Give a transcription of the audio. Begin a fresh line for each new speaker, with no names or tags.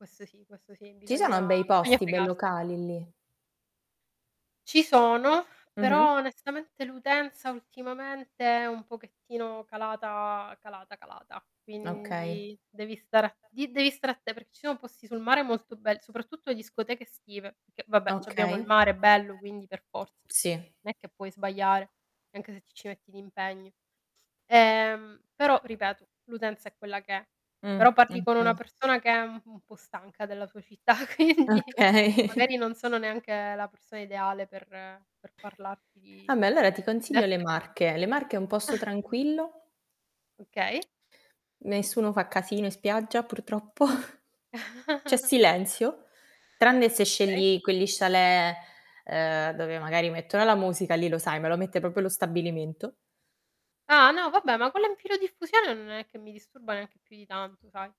Questo sì, questo sì,
Ci sono
bisogna
bei
bisogna
posti, bei
fregarsene.
locali lì?
Ci sono,
Mh-mh.
però onestamente l'utenza ultimamente è un pochettino calata calata, calata
Okay.
quindi devi stare a di devi stare atte perché ci sono posti sul mare molto bel soprattutto le discoteche estive, perché vabbè c'abbiamo il
Okay.
mare bello, quindi per forza.
Sì.
Non è che puoi sbagliare, anche se ti ci metti d'impegno. Ehm, però ripeto, l'utenza è quella che è,
Mh,
però parli con una
okay.
persona che è u un po' stanca della sua città, quindi,
Okay.
magari non sono neanche la persona ideale per per parlarti di.
Vabbè, allora ti consiglio le
[unintelligible]
Marche. Le Marche è un posto tranquillo.
Okay.
Nessuno fa casino in spiaggia, purtroppo. C'è silenzio, tranne se
Okay.
scegli quegli chalet, ehm, dove magari mettono la musica, lì lo sai, me lo mette proprio lo stabilimento.
Ah no, vabbè, ma quella in filodiffusione non è che mi disturba neanche più di tanto, sai?